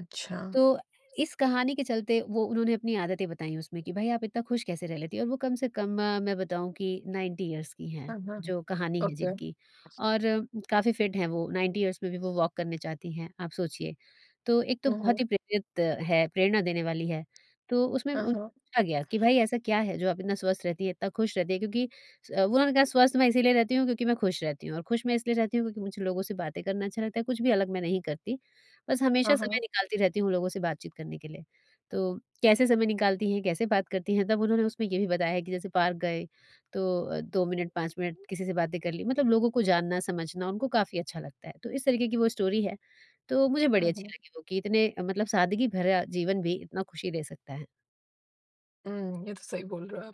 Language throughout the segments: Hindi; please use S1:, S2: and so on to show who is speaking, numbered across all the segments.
S1: अच्छा।
S2: तो इस कहानी के चलते, वो उन्होंने अपनी आदतें बताई उसमें कि, "भई, आप इतना खुश कैसे रह लेती हैं?" और वो कम से कम मैं बताऊँ कि 90 यीअर्स की
S1: अ,
S2: हैं
S1: हाँ, हाँ।
S2: जो कहानी है
S1: ओके।
S2: जिनकी, और काफ़ी फिट हैं वो, 90 यीअर्स में भी वो वॉक करने जाती हैं, आप सोचिए। तो एक तो
S1: उहुँ।
S2: बहुत ही प्रेरित है प्रेरणा देने वाली है। तो उसमें
S1: अ,
S2: उन
S1: हाँ।
S2: पूछा गया कि, "भई, ऐसा क्या है जो आप इतना स्वस्थ रहती है, इतना खुश रहती है?" क्योंकि स वो उन्होंने कहा, "स्वस्थ मैं इसीलिए रहती हूँ, क्योंकि मैं खुश रहती हूँ, और खुश मैं इसलिए रहती हूँ क्योंकि मुझे लोगों से बातें करना अच्छा लगता है, कुछ भी अलग मैं नहीं करती। बस हमेशा
S1: हाँ, हाँ।
S2: समय निकालती रहती हूँ लोगों से बातचीत करने के लिए।" तो कैसे समय निकालती हैं, कैसे बात करती हैं? तब उन्होंने उसमें ये भी बताया है कि जैसे पार्क गए तो अ, 2 मिनट, 5 मिनट किसी से बातें कर ली, मतलब लोगों को जानना-समझना उनको काफ़ी अच्छा लगता है। तो इस तरीके की वो स्टोरी है, तो मुझे
S1: अ,
S2: बड़ी
S1: हाँ।
S2: अच्छी लगी वो कि इतने अ, मतलब सादगी भरा जीवन भी इतना खुशी दे सकता है।
S1: उम, ये तो सही बोल रहे हो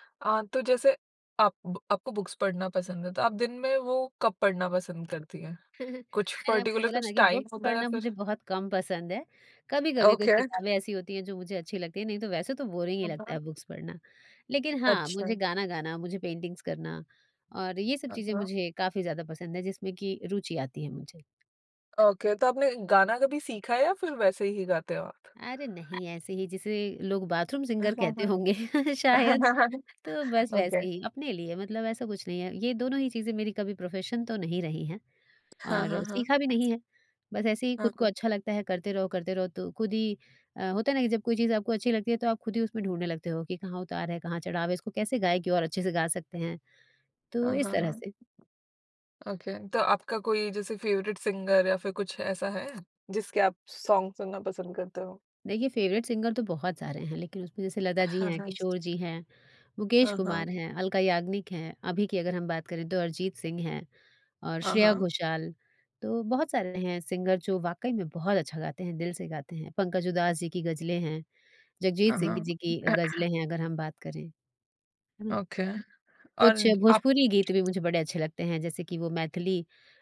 S1: आप। अ, तो जैसे आप ब आपको बुक्स पढ़ना पसंद है, तो आप दिन में वो कब पढ़ना पसंद करती हैं? कुछ
S2: मैंने आपको
S1: पर्टिकुलर
S2: बोला ना
S1: कुछ
S2: कि
S1: टाइम
S2: बुक
S1: होता या
S2: पढ़ना
S1: फिर
S2: मुझे बहुत कम पसंद है। कभी-कभी कुछ
S1: ओके।
S2: किताबें ऐसी होती हैं जो मुझे अच्छी लगती हैं, नहीं तो वैसे तो बोरिंग ही
S1: हाँ,
S2: लगता है
S1: हाँ।
S2: बुक्स पढ़ना। लेकिन हाँ,
S1: अच्छा।
S2: मुझे गाना गाना, मुझे पेंटिंग्स करना, और ये सब
S1: हाँ,
S2: चीज़ें
S1: हाँ।
S2: मुझे काफ़ी ज़्यादा पसंद हैं जिसमें कि रुचि आती है मुझे।
S1: ओके, तो आपने गाना कभी सीखा है या फिर वैसे ही गाते हो आप?
S2: अरे नहीं! ऐसे ही जिसे लोग बाथरूम
S1: अ,
S2: सिंगर
S1: हाँ,
S2: कहते
S1: हाँ।
S2: होंगे, शायद। तो बस वैसे
S1: ओके।
S2: ही अपने लिए, मतलब ऐसा कुछ नहीं है। ये दोनों ही चीज़ें मेरी कभी प्रोफेशन तो नहीं रही हैं,
S1: हाँ,
S2: और
S1: हाँ, हाँ।
S2: सीखा भी नहीं है। बस ऐसे ही
S1: हाँ,
S2: खुद को
S1: हाँ।
S2: अच्छा लगता है, करते रहो, करते रहो, तो खुद ही अ, होता है ना कि जब कोई चीज़ आपको अच्छी लगती है, तो आप खुद ही उसमें ढूँढने लगते हो कि कहाँ उतार है, कहाँ चढ़ाव है, इसको कैसे गाए कि और अच्छे से गा सकते हैं, तो
S1: अ,
S2: इस
S1: हाँ,
S2: तरह
S1: हाँ।
S2: से।
S1: ओके, तो आपका कोई जैसे फेवरेट सिंगर या फिर कुछ ऐसा है, जिसके आप सॉन्ग सुनना पसंद करते हो?
S2: देखिए, फेवरेट सिंगर तो बहुत सारे हैं, लेकिन उसमें जैसे
S1: अ,
S2: लता जी
S1: हाँ,
S2: हैं,
S1: हाँ जी।
S2: किशोर जी हैं, मुकेश
S1: हाँ,
S2: कुमार
S1: हाँ।
S2: हैं, अलका याग्निक हैं। अभी की अगर हम बात करें तो अरिजीत सिंह है, और
S1: हाँ,
S2: श्रेया
S1: हाँ।
S2: घोषाल, तो बहुत सारे हैं सिंगर जो वाक़ई में बहुत अच्छा गाते हैं, दिल से गाते हैं। पंकज उदास जी की गज़लें हैं, जगजीत
S1: हाँ,
S2: सिंह
S1: हाँ।
S2: जी की अ, गज़लें हैं अगर हम बात करें।
S1: ओके, और
S2: कुछ
S1: आप
S2: भोजपुरी गीत भी मुझे बड़े अच्छे लगते हैं, जैसे कि वो मैथिली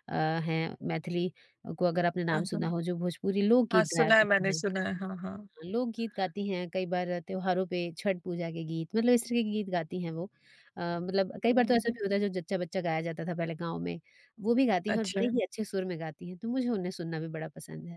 S2: अ, हैं, मैथिली को अगर आपने
S1: अ,
S2: नाम
S1: हाँ।
S2: सुना हो जो भोजपुरी
S1: हाँ,
S2: लोकगीत गाया
S1: सुना है मैंने,
S2: करती हैं।
S1: सुना है। हाँ, हाँ।
S2: लोकगीत गाती हैं, कई बार अ, त्योहारों पे, छठ पूजा के गीत, मतलब इस तरह के गीत गाती हैं वो। अ, मतलब कई
S1: हुँ,
S2: बार तो ऐसा
S1: हुँ।
S2: भी होता है जो जच्चा-बच्चा गाया जाता था पहले गाँव में, वो भी गाती हैं और बड़े
S1: अच्छा।
S2: ही अच्छे सुर में गाती हैं, तो मुझे उन्हें सुनना भी बड़ा पसंद है।